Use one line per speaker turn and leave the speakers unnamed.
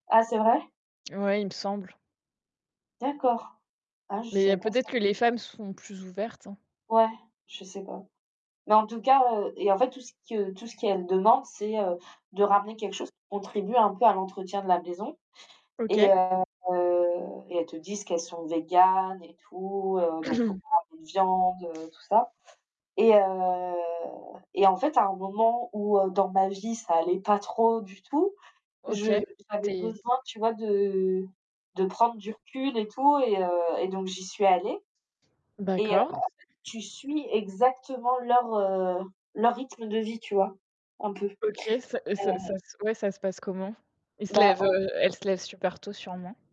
Ah! c'est vrai?
Ouais, il me semble.
D'accord. Ah, je
Mais
savais pas
peut-être
ça.
que les femmes sont plus ouvertes, hein?
Ouais, je sais pas mais en tout cas, heu et en fait, tout ce que tout ce qu'elles demandent, c'est, heu, de ramener quelque chose qui contribue un peu à l'entretien de la maison et
OK.
heu et elles te disent qu'elles sont végans et tout, heu, donc il faut pas ramener de viande, tout ça et heu et en fait, à un moment où, heu, dans ma vie ça allait pas trop du tout,
OK,
je j'avais
tu es t
besoin, tu vois, de de prendre du recul et tout et heu et donc, j'y suis allée et heu, en fait,
D'accord.
tu suis exactement leur, heu, leur rythme de vie, tu vois? Un peu, et
OK, ça et ça ça ouais, ça se passe comment? Il se
Bah
lève,
en
heu, elle se lève super tôt sûrement?